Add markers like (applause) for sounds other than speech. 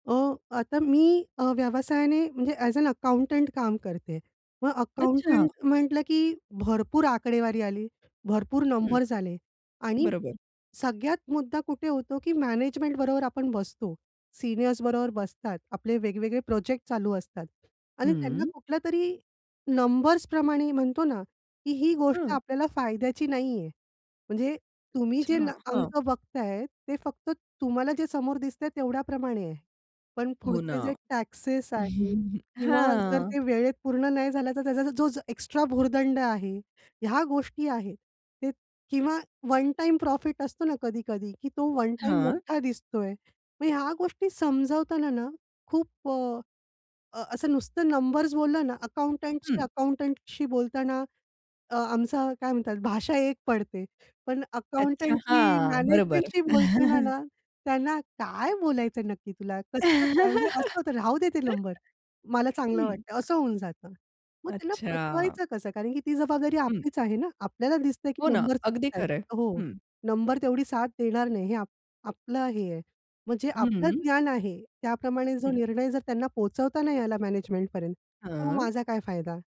अ, आता मी अ, व्यवसायाने म्हणजे अ‍ॅज अ, अकाउंटंट काम करते. मग अच्छा. अकाउंटंट म्हटलं की भरपूर आकडेवारी आली, भरपूर हं, नंबर्स आले. आणि बरोबर. सगळ्यात मुद्दा कुठे होतो, की मॅनेजमेंटबरोबर आपण बसतो, सीनियर्सबरोबर बसतात, आपले वेगवेगळे प्रोजेक्ट चालू असतात आणि त्यांना हं. कुठल्यातरी नंबर्सप्रमाणे म्हणतो ना, की ही गोष्ट हां. आपल्याला फायद्याची नाही आहे. म्हणजे तुम्ही अच्छा, जे नं हां. अंक बघत आहे ते फक्त तुम्हाला जे समोर दिसतंय तेवढ्याप्रमाणे आहे. पण हो ना. पुढचे जे टॅक्सेस आहे (laughs) किंवा जर हां. ते वेळेत पूर्ण नाही झालं, तर त्याचा जो एक्स्ट्रा भुर्दंड आहे, ह्या गोष्टी आहेत. ते किंवा वन टाईम प्रॉफिट असतो ना, कधी-कधी की तो वन टाईम हां. मोठा दिसतोय. मग ह्या गोष्टी समजावताना ना खूप अ, अ, असं नुसतं नंबर्स बोललं ना अकाउंटंटशी हं. अकाउंटंटशी बोलताना अ, आमचा काय म्हणतात भाषा एक पडते. पण अच्छा, अकाउंटंटची हां. बरोबर. मॅनेजमेंटशी बोलताना (chuckles) ना, त्यांना काय बोलायचं, नक्की तुला कसं काय म्हणजे (laughs) असं होतं, राहूदे ते नंबर. मला चांगलं हं. वाटतंय असं होऊन जातं. मग त्यांना अच्छा. पटवायचं कसं कारण की ती जबाबदारी हं. आपलीच आहे ना. आपल्याला दिसतंय की हो ना, नंबर अगदी चुकतायेत. खरं आहे. हो, हं. नंबर तेवढी साथ देणार नाही. हे आप आपलं हे आहे, म्हणजे जे आपलं हं. ज्ञान आहे. त्याप्रमाणे जो हं. निर्णय जर त्यांना पोहचवता नाही आला मॅनेजमेंटपर्यंत तर मग हां. माझा काय फायदा?